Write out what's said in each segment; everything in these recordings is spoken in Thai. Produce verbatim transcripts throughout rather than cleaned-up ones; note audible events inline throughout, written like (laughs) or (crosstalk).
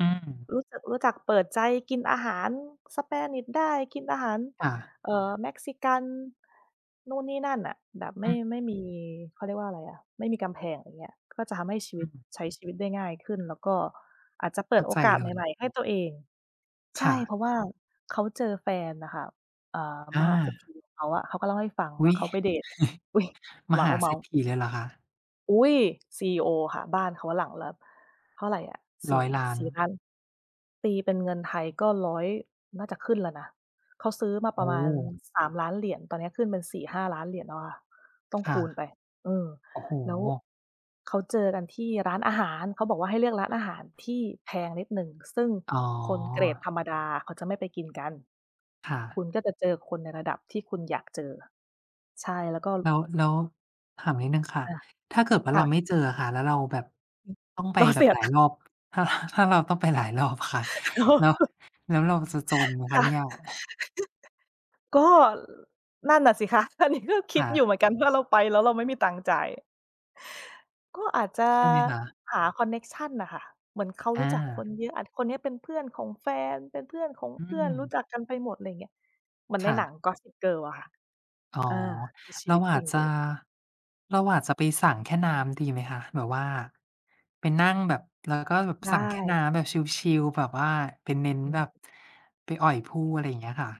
อืม รู้จัก รู้จักเปิดใจ กินอาหาร Spanish ได้ กินอาหาร ค่ะ เอ่อ Mexican นู่นนี่นั่นน่ะ แบบไม่ อือ ไม่มี เขาเรียกว่าอะไรอะ ไม่มีกำแพง อย่างเงี้ย ก็จะทำให้ชีวอิต ืม ใช้ชีวิตได้ง่ายขึ้น แล้วก็อาจจะเปเิขด้าโอใจกาสเลใหมย ่ ๆ ให้ตัวเอง ใชค่่ ะ เพราะ ว่าเขาเจอแฟนน่ะค่ะ อ่า อมหาเศรษฐา ีของเขาอะ เขาก็เล่าให้ฟังอุว่๊าย! เขาไป เดต (chuckles) อุ๊ย! มเมหาเศารทษ์ ๆ ฐีเลยเหรอคะ? อุ๊ย! ซีอีโอค่ะ บ้านเขาหลังละ เท่าไรอะ สรี้อ่ ยล้าสน ี่ล้าน ตีเป็นเงินไทยก็ ร้อย น่าจะขึ้นแล้วนะ เขาซื้อมาโปอร้ะมาโณ ฮ! สามล้าน เหรียญ ตอนนี้ขึ้นเป็น สี่ห้า ล้านเหรียญแล้วอะ ต้องคค่ะ ูณไป เออ โอ้โฮ แล้วเขาเจอกันที่ร้านอาหาร เขาบอกว่าให้เลือกร้านอาหารที่แพงนิดหนึ่ง ซึ่งอ๋อ คนเกรดธรรมดาเขาจะไม่ไปกินกัน ค่ะ คุณก็จะเจอคนในระดับที่คุณอยากเจอ ใช่แล้วก็ แล้ว แล้วถามนิดหนึ่งค่ะ ค่ะ ถ้าเกิดว่าคเร่าะ ไม่เจออะค่ะ แล้วเราแบบอืม ต้องไปเราแบเสบียหลาตยังค์ รอบ ถ้า ถ้าเราต้องไปหลายรอบค่ะ (laughs) อ๋อ แล้ว (chuckles) แล้วเราจะจนไหมคคะ่ะ เนี่(chuckles) ย? ก็นั่นน่ะสิคะ อัน นี้ ก็คิคด่อยู่ะ เหมือนกัน ว่าเราไปแล้วเราไม่มีตังค์จ่าย ก็อาจจะใช่ไหมคะ? หาคอนเน็กชันน่ะค่ะ เหมือนเขาอรู้จักคา น เยอะ อ่า คนนี้เป็นเพื่อนของแฟน เป็นเพื่อนของอืเพื่อน รูอ ้จักกันไปหมด อะไรอย่างเงี้ย เหมือนคใน่หนะ ัง "Gossip Girl" อะค่ะ อ๋อ อา คือชเีรวาิตอจาริจงจเะ ลย เราอาจจะไปสั่งแค่น้ำ ดีไหมคะ แบบว่าไปนั่งแบบ แล้วก็แบบไดสั่งแค่น้ ้ำแบบชิล ๆ แบบว่าไปเน้นอืแบบ ม ไปอ่อยผู้ อะไรอย่างเงี้ยค่ะ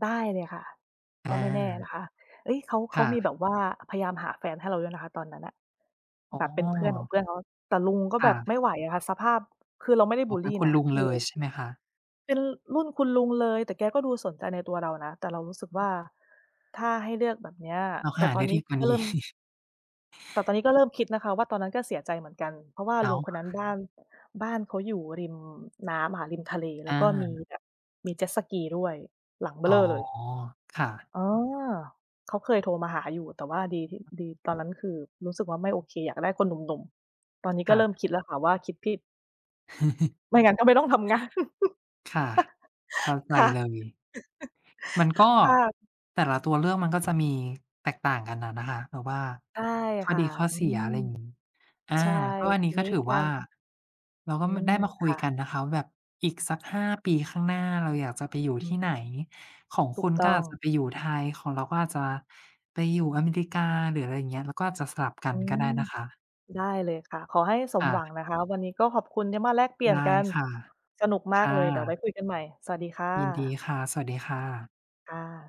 ได้เลยค่ะ กอ็ไม่แน่า นะคะ เฮ้ย เขา เขคา่มีะ แบบ ว่าพยายามหาแฟนให้เราด้วย นะคะ ตอนนั้นน่ะอ๋แอ บบเป็นเพื่อนของเพื่อนเขา แต่ลุงก็คแ่บบไะ ม่ไหวอะค่ะ สภาพ คือเราไม่ได้อบ๋อ ุลเปลี็นคุนณะ ลุงคืเอ ลยใช่ไหมคะ? เป็นรุ่นคุณลุงเลย แต่แกก็ดูสนใจในตัวเรานะ แต่เรารู้สึกว่า ถ้าให้เลือกแบบเนี้ย เราแต่หาตอไดน้นีด้ีกว่าก็นเี้ ริ่ม (chuckles) แต่ตอนนี้ก็เริ่มคิดนะคะว่า ตอนนั้นก็เสียใจเหมือนกัน เพราะว่าอ้ลาุงว คนนั้น บ้าน บ้านเขาอยู่ริมน้ำอะค่ะ ริมทะเล แลอ้วก็มีา แบบมีเจ็ตสกีด้วย หลังเบ้ออ๋เรอ ่อเลย ค่ะ อ๋อ เขาเคยโทรมาหาอยู่ แต่ว่าดีที่ ดี ตอนนั้น คือรู้สึกว่า ไม่โอเค อยากได้คนหนุ่ม ๆ ตอนนี้กค็่เริ่มะ คิดแล้วค่ะว่าคิดผิด (chuckles) ไม่งั้น ก็ไม่ต้องทำงาน ค่ะ เข้า(laughs) ใจค่ะ เลย มันก็ (laughs) ค่ะ แต่ละตัวเลือกมันก็จะมีแตกต่างกันน่ะนะคะ แบบว่าใช่ข้อค่ดะ ีข้ออืเสีย ม อะไรอย่าง งี้ อา ใช่ ก็อันทนี้ีก็นี้ถือกวา่าร เราก็อืมา ไม ด้มาคุคย่กะ ันนะคะว่าแบบอีกสัก ห้า ปีข้างหน้าเราอยากจะไปอยู่อืทีม ่ไหน ของถคูุกณตก้็ออง าจจะไปอยู่ไทย ของเราก็อาจจะไปอยู่อเมริกา หรืออะไรอย่างเงี้ย เราก็อาจจะสลับกัอืนก็ไม ด้นะคะ ได้เลยค่ะ ขอให้สคม่หวังะ นะคะ วันนี้ก็ขอบคุณที่มาแลกเปลี่ไยดน้กัน ค่ะ สนุกมคาก่เลย เดี๋ยวไวะ ้คุยกันใหม่ สวัสดีค่ยินดีะ ค่ะ สวัสดีค่ะ ค่ะ